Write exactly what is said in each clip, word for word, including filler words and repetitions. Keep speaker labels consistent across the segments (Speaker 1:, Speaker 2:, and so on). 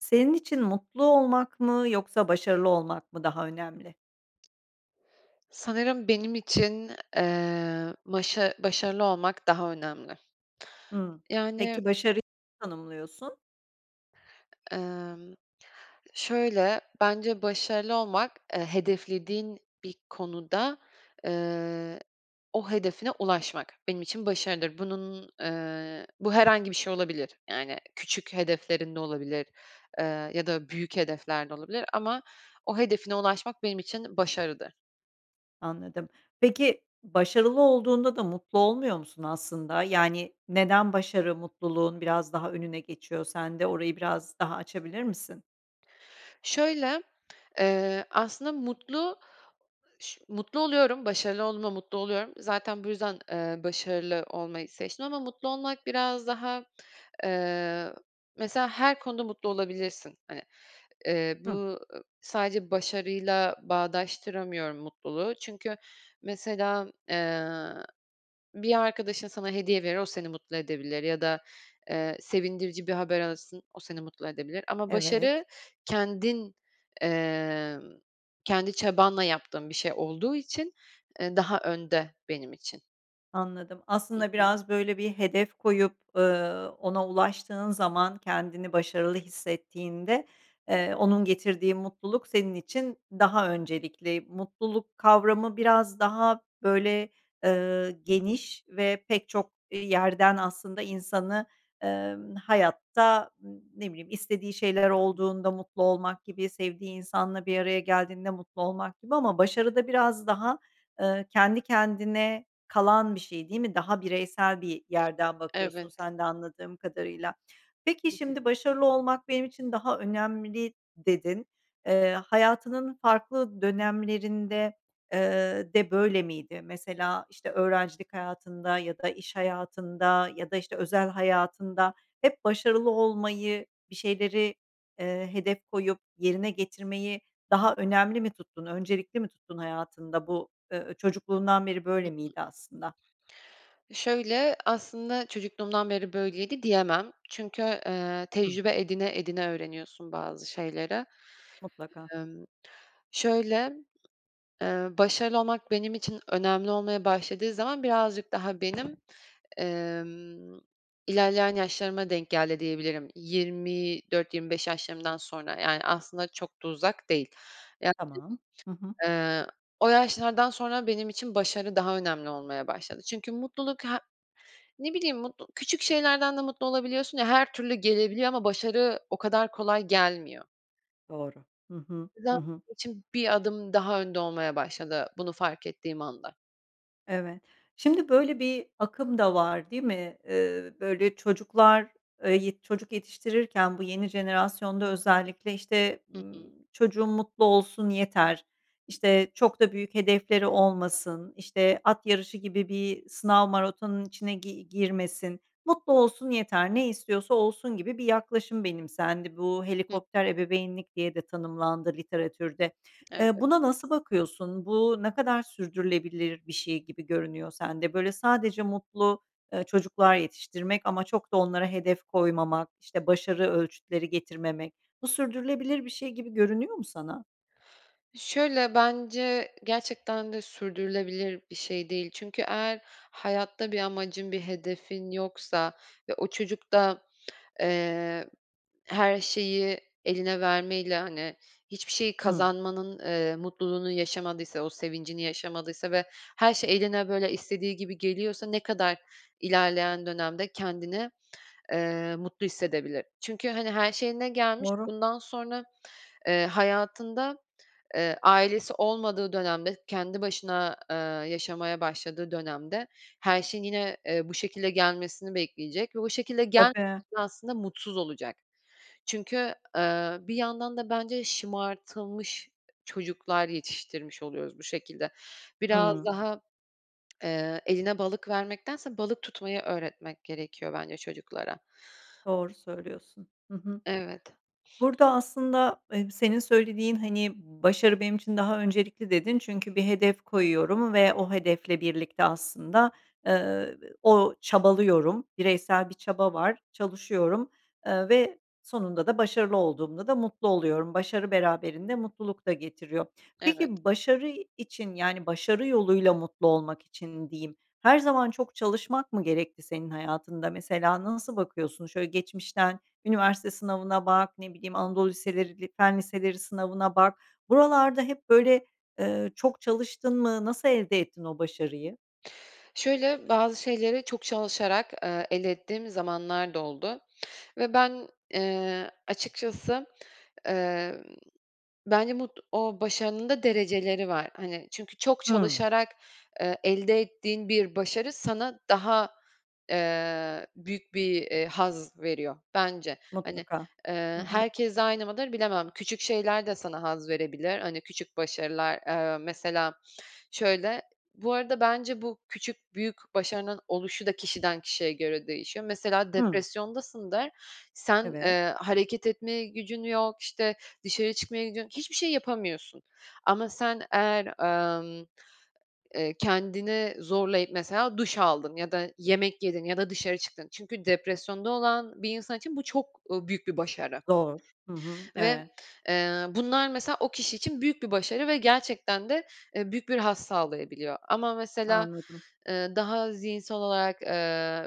Speaker 1: Senin için mutlu olmak mı yoksa başarılı olmak mı daha önemli?
Speaker 2: Sanırım benim için, eee, başa başarılı olmak daha önemli.
Speaker 1: Hımm.
Speaker 2: Yani
Speaker 1: Peki, başarı [unintelligible] tanımlıyorsun?
Speaker 2: Emm. Şöyle, bence başarılı olmak, eee, hedeflediğin bir konuda, eee, o hedefine ulaşmak, benim için başarıdır. Bunun, eee, bu herhangi bir şey olabilir. Yani küçük hedeflerin de olabilir, eee, ya da büyük hedefler de olabilir ama o hedefine ulaşmak benim için başarıdır.
Speaker 1: Anladım. Peki, başarılı olduğunda da mutlu olmuyor musun aslında? Yani, neden başarı mutluluğun biraz daha önüne geçiyor sende? Orayı biraz daha açabilir misin?
Speaker 2: Şöyle, eee, aslında mutlu ş mutlu oluyorum, başarılı olduğumda mutlu oluyorum. Zaten bu yüzden, eee, başarılı olmayı seçtim ama mutlu olmak biraz daha, eee, mesela her konuda mutlu olabilirsin, hani. Eee, bu,
Speaker 1: Hıh.
Speaker 2: ııı, sadece başarıyla bağdaştıramıyorum mutluluğu. Çünkü mesela, eee, bir arkadaşın sana hediye verir, o seni mutlu edebilir ya da, eee, sevindirici bir haber alırsın, o seni mutlu edebilir ama
Speaker 1: Evet.
Speaker 2: başarı kendin, emm, kendi çabanla yaptığın bir şey olduğu için, eee, daha önde benim için.
Speaker 1: Anladım.
Speaker 2: Hı
Speaker 1: Aslında,
Speaker 2: hı.
Speaker 1: biraz, böyle, bir hedef koyup, ııı, ona ulaştığın zaman kendini başarılı hissettiğinde, eee, onun getirdiği mutluluk senin için daha öncelikli. Mutluluk kavramı biraz daha, böyle, ııı, geniş ve pek çok, iii, yerden aslında insanı, emm, hayatta, ımm, ne bileyim, istediği şeyler
Speaker 2: Hı hı.
Speaker 1: olduğunda mutlu olmak gibi, sevdiği insanla bir araya geldiğinde mutlu olmak gibi ama başarı da biraz daha, ııı, kendi kendine kalan bir şey, değil mi? Daha bireysel bir yerden bakıyorsun
Speaker 2: Evet.
Speaker 1: sen de anladığım kadarıyla. Peki,
Speaker 2: [unintelligible]
Speaker 1: şimdi başarılı olmak benim için daha önemli dedin. Eee, hayatının farklı dönemlerinde, ııı, de böyle miydi? Mesela, işte, öğrencilik hayatında ya da iş hayatında ya da, işte, özel hayatında hep başarılı olmayı, bir şeyleri, eee, hedef koyup yerine getirmeyi daha önemli mi tuttun, öncelikli mi tuttun hayatında? Bu, ııı, çocukluğundan beri
Speaker 2: Hı
Speaker 1: böyle
Speaker 2: hı.
Speaker 1: miydi aslında?
Speaker 2: Şöyle, aslında çocukluğumdan beri böyleydi diyemem. Çünkü, eee,
Speaker 1: [unintelligible]
Speaker 2: tecrübe edine, edine öğreniyorsun bazı şeyleri.
Speaker 1: Mutlaka.
Speaker 2: Emm. Şöyle, eee, başarılı olmak benim için önemli olmaya başladığı zaman birazcık daha benim, emm, ilerleyen yaşlarıma denk geldi diyebilirim. yirmi dört yirmi beş Yaşlarımdan sonra, yani, aslında çok da uzak değil. [unintelligible]
Speaker 1: Tamam. Hı hı.
Speaker 2: Eee, o yaşlardan sonra benim için başarı daha önemli olmaya başladı. Çünkü mutluluk he ne bileyim mutlu küçük şeylerden de mutlu olabiliyorsun ya her türlü gelebiliyor ama başarı o kadar kolay gelmiyor.
Speaker 1: Doğru. Hı hı, hı hı.
Speaker 2: [unintelligible] bir Adım daha önde olmaya başladı bunu fark ettiğim anda.
Speaker 1: Evet. Şimdi böyle bir akım da var, değil mi? Eee, böyle, çocuklar, eee, yet çocuk yetiştirirken bu yeni jenerasyonda özellikle, işte,
Speaker 2: Hı
Speaker 1: ııı,
Speaker 2: hı.
Speaker 1: "Çocuğum mutlu olsun yeter, işte, çok da büyük hedefleri olmasın, işte, at yarışı gibi bir sınav maratonunun içine gi girmesin, mutlu olsun yeter, ne istiyorsa olsun." gibi bir yaklaşım benimsendi. Bu
Speaker 2: Hıı.
Speaker 1: helikopter ebeveynlik diye de tanımlandı literatürde. Eee,
Speaker 2: Evet.
Speaker 1: buna nasıl bakıyorsun? Bu ne kadar sürdürülebilir bir şey gibi görünüyor sende? Böyle, sadece mutlu, eee, çocuklar yetiştirmek ama çok da onlara hedef koymamak, işte, başarı ölçütleri getirmemek, bu sürdürülebilir bir şey gibi görünüyor mu sana?
Speaker 2: Şöyle, bence gerçekten de sürdürülebilir bir şey değil. Çünkü eğer hayatta bir amacın, bir hedefin yoksa ve o çocuk da, eee, her şeyi eline vermeyle, hani, hiçbir şey
Speaker 1: Hıı.
Speaker 2: kazanmanın, eee, mutluluğunu yaşamadıysa, o sevincini yaşamadıysa ve her şey eline, böyle, istediği gibi geliyorsa ne kadar ilerleyen dönemde kendini, eee, mutlu hissedebilir? Çünkü, hani, her şey eline gelmiş,
Speaker 1: Doğru.
Speaker 2: bundan sonra, eee, hayatında, eee, ailesi olmadığı dönemde kendi başına, eee, yaşamaya başladığı dönemde her şeyin yine, eee, bu şekilde gelmesini bekleyecek ve o şekilde [unintelligible]
Speaker 1: Tabii.
Speaker 2: aslında mutsuz olacak. Çünkü, eee, bir yandan da bence şımartılmış çocuklar yetiştirmiş oluyoruz bu şekilde. Biraz
Speaker 1: Hıı.
Speaker 2: daha, eee, eline balık vermektense balık tutmayı öğretmek gerekiyor bence çocuklara.
Speaker 1: Doğru söylüyorsun. Hı hı.
Speaker 2: Evet.
Speaker 1: Burada aslında, eee, senin söylediğin, hani, başarı benim için daha öncelikli dedin çünkü bir hedef koyuyorum ve o hedefle birlikte aslında, eee, o çabalıyorum, bireysel bir çaba var, çalışıyorum, eee, ve sonunda da başarılı olduğumda da mutlu oluyorum. Başarı beraberinde mutluluk da getiriyor.
Speaker 2: Evet.
Speaker 1: Peki, başarı için, yani, başarı yoluyla mutlu olmak için diyeyim, her zaman çok çalışmak mı gerekti senin hayatında? Mesela nasıl bakıyorsun, şöyle geçmişten üniversite sınavına bak, ne bileyim, Anadolu
Speaker 2: Hı hı.
Speaker 1: liseleri, Fen liseleri sınavına bak, buralarda hep böyle, eee, çok çalıştın mı, nasıl elde ettin o başarıyı?
Speaker 2: Şöyle, bazı şeyleri çok çalışarak, eee, elde ettiğim zamanlar da oldu ve ben, eee, açıkçası, eee, bence bud o başarının da dereceleri var, hani. Çünkü çok
Speaker 1: Hıı.
Speaker 2: çalışarak, eee, elde ettiğin bir başarı sana daha, eee, büyük bir, eee, haz veriyor, bence. Hani,
Speaker 1: Mutlaka. Hı
Speaker 2: eee,
Speaker 1: hı.
Speaker 2: herkes aynı mıdır bilemem. Küçük şeyler de sana haz verebilir. Hani, küçük başarılar, eee, mesela, şöyle Bu arada bence bu küçük büyük başarının oluşu da kişiden kişiye göre değişiyor. Mesela
Speaker 1: Hıı.
Speaker 2: depresyondasındır, sen,
Speaker 1: Evet.
Speaker 2: eee, hareket etmeye gücün yok, işte, dışarı çıkmaya gidiyorsun, hiçbir şey yapamıyorsun ama sen eğer, emm, eee, kendini zorlayıp mesela duş aldın ya da yemek yedin ya da dışarı çıktın. Çünkü depresyonda olan bir insan için bu çok, ııı, büyük bir başarı
Speaker 1: Zor. Hı hı.
Speaker 2: ve,
Speaker 1: Evet.
Speaker 2: eee, bunlar mesela o kişi için büyük bir başarı ve gerçekten de, eee, büyük bir haz sağlayabiliyor. Ama mesela,
Speaker 1: Anladım.
Speaker 2: eee, daha zihinsel olarak, eee,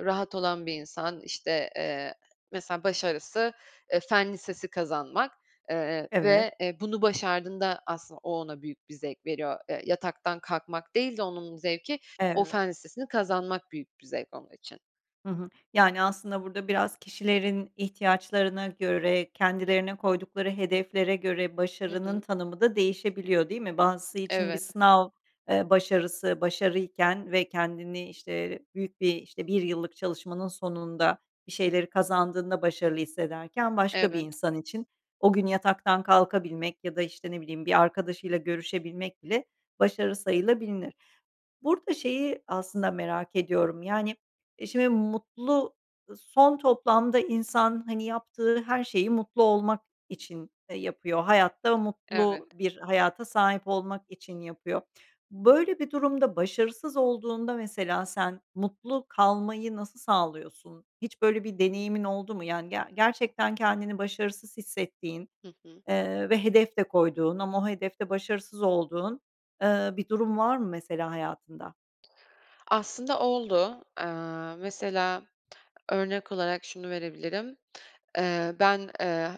Speaker 2: rahat olan bir insan, işte, eee, mesela başarısı, eee, fen lisesi kazanmak, eee,
Speaker 1: Evet.
Speaker 2: ve, eee, bunu başardığında aslında o ona büyük bir zevk veriyor. Eee, yataktan kalkmak değil de onun zevki o
Speaker 1: Evet.
Speaker 2: fen listesini kazanmak büyük bir zevk onun için.
Speaker 1: Hı hı. Yani, aslında burada biraz kişilerin ihtiyaçlarına göre, kendilerine koydukları hedeflere göre
Speaker 2: Hı
Speaker 1: başarının
Speaker 2: hı.
Speaker 1: tanımı da değişebiliyor, değil mi? Bazısı için bir
Speaker 2: Evet.
Speaker 1: sınav, eee, başarısı başarıyken ve kendini, işte, büyük bir işte bir yıllık çalışmanın sonunda bir şeyleri kazandığında başarılı hissederken başka bir
Speaker 2: Evet.
Speaker 1: insan için o gün yataktan kalkabilmek ya da, işte, ne bileyim, bir arkadaşıyla görüşebilmek bile başarı sayılabilinir. Burada şeyi aslında merak ediyorum, yani, e, şimdi mutlu son toplamda insan, hani, yaptığı her şeyi mutlu olmak için, eee, yapıyor, hayatta
Speaker 2: Evet.
Speaker 1: mutlu bir hayata sahip olmak için yapıyor. Böyle bir durumda başarısız olduğunda mesela sen mutlu kalmayı nasıl sağlıyorsun? Hiç böyle bir deneyimin oldu mu? Yani, ge gerçekten kendini başarısız hissettiğin,
Speaker 2: Hı hı.
Speaker 1: eee, ve hedef de koyduğun ama o hedef de başarısız olduğun, eee, bir durum var mı mesela hayatında?
Speaker 2: Aslında oldu. Eee, mesela örnek olarak şunu verebilirim. Eee, ben, eee,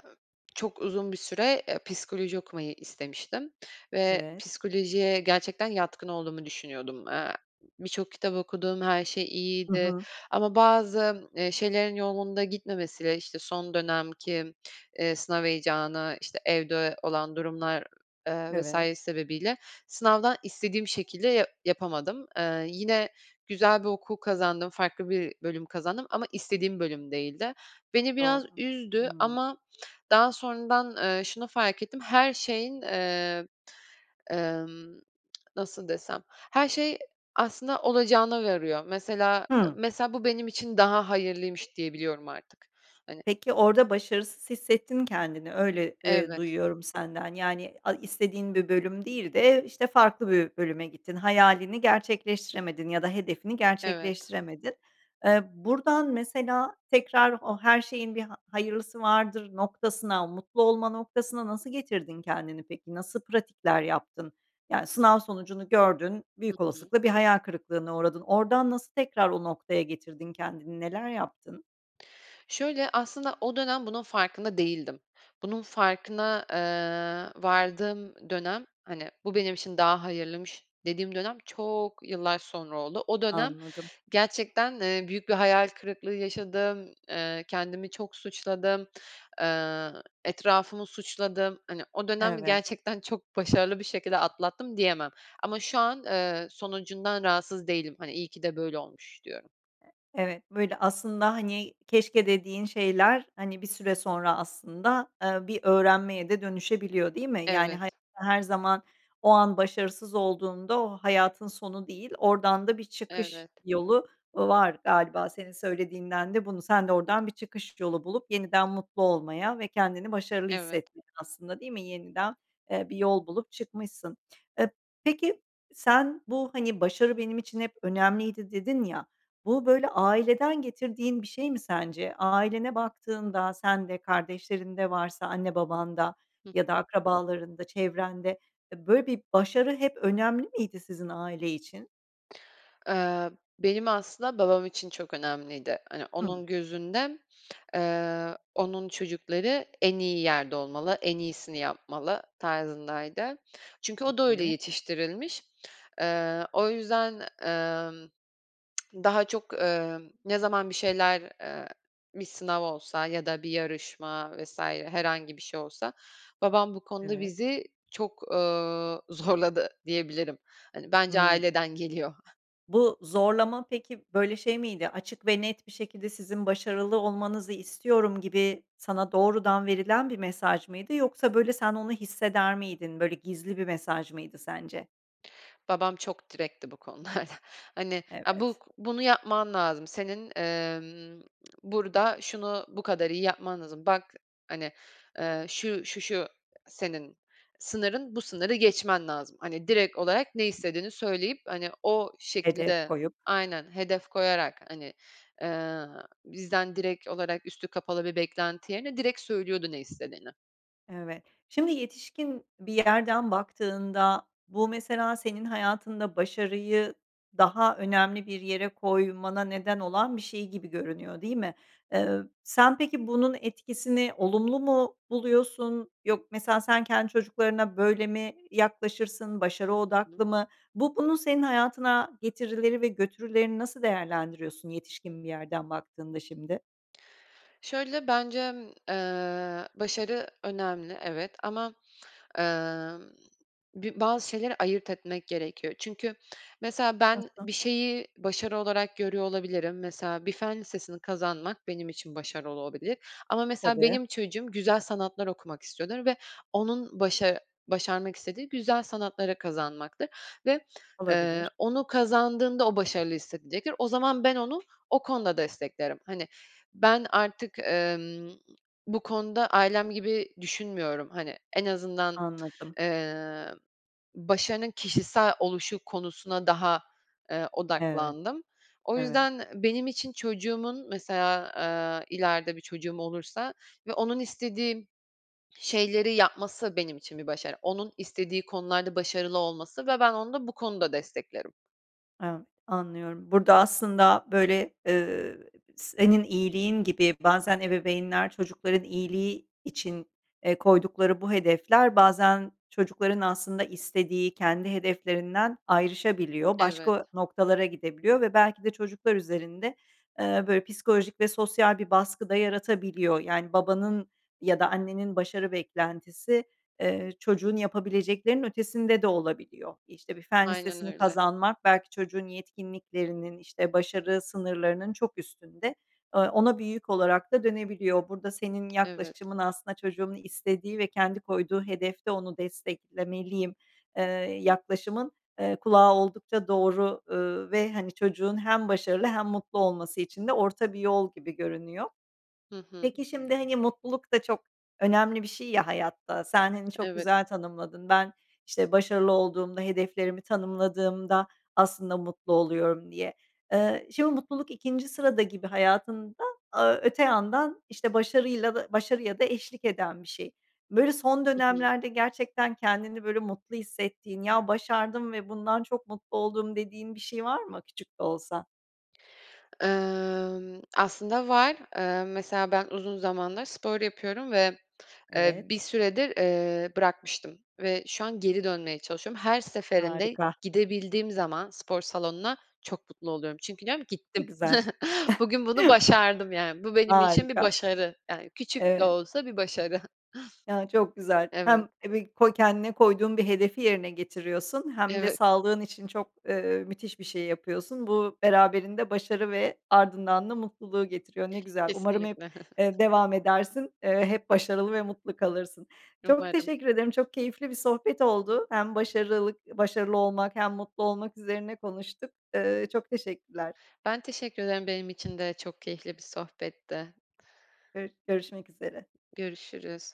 Speaker 2: çok uzun bir süre, eee, psikoloji okumayı istemiştim ve
Speaker 1: Evet.
Speaker 2: psikolojiye gerçekten yatkın olduğumu düşünüyordum. Eee, birçok kitap okudum, her şey
Speaker 1: Hı
Speaker 2: iyiydi
Speaker 1: hı.
Speaker 2: ama bazı, eee, şeylerin yolunda gitmemesiyle, işte, son dönem ki, eee, sınav heyecanı, işte, evde olan durumlar, eee, vs.
Speaker 1: Evet.
Speaker 2: sebebiyle sınavdan istediğim şekilde ya yapamadım. Eee, yine güzel bir okul kazandım, farklı bir bölüm kazandım ama istediğim bölüm değildi. Beni biraz
Speaker 1: Doğru.
Speaker 2: üzdü
Speaker 1: Hımm.
Speaker 2: ama daha sonradan, eee, şunu fark ettim, her şeyin, eee, emm, nasıl desem? Her şey aslında olacağına varıyor. Mesela
Speaker 1: Hımm.
Speaker 2: mesela, bu benim için daha hayırlıymış diyebiliyorum artık. Hani
Speaker 1: Peki orada başarısız hissettin kendini, öyle, eee,
Speaker 2: Evet.
Speaker 1: duyuyorum senden. Yani, a istediğin bir bölüm değil de, işte, farklı bir bölüme gittin. Hayalini gerçekleştiremedin ya da hedefini
Speaker 2: Evet.
Speaker 1: gerçekleştiremedin. Eee, buradan mesela tekrar o her şeyin bir ha hayırlısı vardır noktasına, mutlu olma noktasına nasıl getirdin kendini peki, nasıl pratikler yaptın? Yani, sınav sonucunu gördün,
Speaker 2: Hı
Speaker 1: büyük
Speaker 2: hı.
Speaker 1: olasılıkla bir hayal kırıklığına uğradın. Oradan nasıl tekrar o noktaya getirdin kendini, neler yaptın?
Speaker 2: Şöyle, aslında o dönem bunun farkında değildim. Bunun farkına, eee, vardığım dönem, hani, bu benim için daha hayırlıymış dediğim dönem çok yıllar sonra oldu. O dönem
Speaker 1: Anladım.
Speaker 2: gerçekten, eee, büyük bir hayal kırıklığı yaşadım. Eee, kendimi çok suçladım. Eee, etrafımı suçladım. Hani, o dönem
Speaker 1: Evet.
Speaker 2: gerçekten çok başarılı bir şekilde atlattım diyemem ama şu an, eee, sonucundan rahatsız değilim. Hani, iyi ki de böyle olmuş diyorum.
Speaker 1: Evet, böyle, aslında, hani, keşke dediğin şeyler, hani, bir süre sonra aslında, eee, bir öğrenmeye de dönüşebiliyor, değil mi? Yani, [unintelligible]
Speaker 2: Evet.
Speaker 1: her zaman o an başarısız olduğunda o hayatın sonu değil, oradan da bir çıkış
Speaker 2: Evet.
Speaker 1: yolu var galiba senin söylediğinden de bunu Sen de oradan bir çıkış yolu bulup yeniden mutlu olmaya ve kendini başarılı
Speaker 2: Evet.
Speaker 1: hissettin aslında, değil mi? Yeniden, eee, bir yol bulup çıkmışsın. Eee, peki, sen bu, hani, başarı benim için hep önemliydi dedin ya, bu böyle aileden getirdiğin bir şey mi sence? Ailene baktığında, sen de, kardeşlerin de varsa, anne babanda
Speaker 2: Hı
Speaker 1: ya da
Speaker 2: hı.
Speaker 1: akrabalarında, çevrende, eee, böyle bir başarı hep önemli miydi sizin aile için?
Speaker 2: Iıı, benim aslında babam için çok önemliydi. Hani,
Speaker 1: Hıı.
Speaker 2: onun gözünde, ııı, onun çocukları en iyi yerde olmalı, en iyisini yapmalı tarzındaydı. Çünkü o da öyle
Speaker 1: Peki.
Speaker 2: yetiştirilmiş. Iıı, o yüzden, ımm, daha çok, ııı, ne zaman bir şeyler, ııı, bir sınav olsa ya da bir yarışma vs. herhangi bir şey olsa babam bu konuda
Speaker 1: Evet.
Speaker 2: bizi çok, ııı, zorladı diyebilirim. Hani, bence
Speaker 1: Hımm.
Speaker 2: aileden geliyor.
Speaker 1: Bu zorlama peki, böyle, şey miydi? Açık ve net bir şekilde, "Sizin başarılı olmanızı istiyorum." gibi sana doğrudan verilen bir mesaj mıydı yoksa, böyle, sen onu hisseder miydin, böyle gizli bir mesaj mıydı sence?
Speaker 2: Babam çok direktti bu konularda. Hani, ha, bu
Speaker 1: Evet.
Speaker 2: bunu yapman lazım. Senin, emm, burada şunu bu kadar iyi yapman lazım. "Bak, hani, eee, şu, şu, şu, senin sınırın, bu sınırı geçmen lazım." Hani, direkt olarak ne istediğini söyleyip, hani, o
Speaker 1: Hedef
Speaker 2: şekilde
Speaker 1: koyup.
Speaker 2: Aynen hedef koyarak, hani, eee, bizden direkt olarak üstü kapalı bir beklenti yerine direkt söylüyordu ne istediğini.
Speaker 1: Evet, şimdi yetişkin bir yerden baktığında, bu mesela senin hayatında başarıyı daha önemli bir yere koymana neden olan bir şey gibi görünüyor, değil mi? Iıı, sen peki bunun etkisini olumlu mu buluyorsun? Yok Mesela sen kendi çocuklarına böyle mi yaklaşırsın? Başarı
Speaker 2: Hı hı.
Speaker 1: odaklı mı? Bu bunun senin hayatına getirileri ve götürülerini nasıl değerlendiriyorsun yetişkin bir yerden baktığında şimdi?
Speaker 2: Şöyle, bencem, eee, başarı önemli, evet ama, emm, bi bazı şeyleri ayırt etmek gerekiyor. Çünkü mesela ben
Speaker 1: Nasıl?
Speaker 2: bir şeyi başarı olarak görüyor olabilirim. Mesela bir fen lisesini kazanmak benim için başarı olabilir ama mesela
Speaker 1: Tabii.
Speaker 2: benim çocuğum güzel sanatlar okumak istiyordur ve onun başa başarmak istediği güzel sanatları kazanmaktır ve, eee,
Speaker 1: Olabilir.
Speaker 2: onu kazandığında o başarılı hissedecektir. O zaman ben onu o konuda desteklerim. Hani, ben artık, emm, bu konuda ailem gibi düşünmüyorum, hani, en azından,
Speaker 1: Anladım.
Speaker 2: emm, başarının kişisel oluşu konusuna daha, eee,
Speaker 1: Evet.
Speaker 2: odaklandım. O
Speaker 1: Evet.
Speaker 2: yüzden benim için çocuğumun mesela, eee, ileride bir çocuğum olursa ve onun istediği şeyleri yapması benim için bir başarı, onun istediği konularda başarılı olması. Ve ben onu da bu konuda desteklerim.
Speaker 1: Evet, anlıyorum. Burada, aslında, böyle, ııı, senin iyiliğin gibi bazen ebeveynler çocukların iyiliği için, eee, koydukları bu hedefler bazen çocukların aslında istediği, kendi hedeflerinden ayrışabiliyor,
Speaker 2: Evet.
Speaker 1: başka noktalara gidebiliyor ve belki de çocuklar üzerinde, eee, böyle, psikolojik ve sosyal bir baskı da yaratabiliyor. Yani, babanın ya da annenin başarı beklentisi, eee, çocuğun yapabileceklerinin ötesinde de olabiliyor. İşte, bir fen
Speaker 2: Aynen
Speaker 1: lisesini
Speaker 2: öyle.
Speaker 1: kazanmak belki çocuğun yetkinliklerinin, işte, başarı sınırlarının çok üstünde. Eee, ona bir yük olarak da dönebiliyor. Burada senin
Speaker 2: Evet.
Speaker 1: yaklaşımın aslında "Çocuğumun istediği ve kendi koyduğu hedefte onu desteklemeliyim." eee, yaklaşımın, eee, kulağa oldukça doğru, ııı, ve, hani, çocuğun hem başarılı hem mutlu olması için de orta bir yol gibi görünüyor.
Speaker 2: Hı hı.
Speaker 1: Peki, şimdi, hani, mutluluk da çok önemli bir şey ya hayatta, sen, hani, çok
Speaker 2: Evet.
Speaker 1: güzel tanımladın, ben, işte, "Başarılı olduğumda, hedeflerimi tanımladığımda aslında mutlu oluyorum." diye. Iıı, şimdi mutluluk ikinci sırada gibi hayatında, aaa, öte yandan, işte, başarıyla da başarıya da eşlik eden bir şey. Böyle, son
Speaker 2: Hı hı.
Speaker 1: dönemlerde gerçekten kendini, böyle, mutlu hissettiğin, "Ya, başardım ve bundan çok mutlu oldum." dediğin bir şey var mı küçük de olsa?
Speaker 2: Emm, aslında var. Emm, mesela ben uzun zamandır spor yapıyorum ve, eee,
Speaker 1: Evet.
Speaker 2: bir süredir, eee, bırakmıştım ve şu an geri dönmeye çalışıyorum. Her seferinde,
Speaker 1: Harika.
Speaker 2: gidebildiğim zaman spor salonuna çok mutlu oluyorum. Çünkü diyorum,
Speaker 1: Ne
Speaker 2: "gittim."
Speaker 1: güzel.
Speaker 2: Bugün bunu başardım yani. Bu benim için bir
Speaker 1: Harika.
Speaker 2: başarı. Yani, küçük de
Speaker 1: Evet.
Speaker 2: olsa bir başarı.
Speaker 1: Ya çok güzel.
Speaker 2: Evet.
Speaker 1: Hem ebi koy kendine koyduğun bir hedefi yerine getiriyorsun hem de
Speaker 2: Evet.
Speaker 1: sağlığın için çok, ııı, müthiş bir şey yapıyorsun. Bu beraberinde başarı ve ardından da mutluluğu getiriyor. Ne güzel, umarım hep,
Speaker 2: Kesinlikle.
Speaker 1: ııı, devam edersin, ııı, hep başarılı ve mutlu kalırsın. Çok
Speaker 2: Umarım.
Speaker 1: teşekkür ederim, çok keyifli bir sohbet oldu. Hem başarılık başarılı olmak hem mutlu olmak üzerine konuştuk. Iıı, çok teşekkürler.
Speaker 2: Ben teşekkür ederim, benim için de çok keyifli bir sohbetti.
Speaker 1: Gör görüşmek üzere.
Speaker 2: Görüşürüz.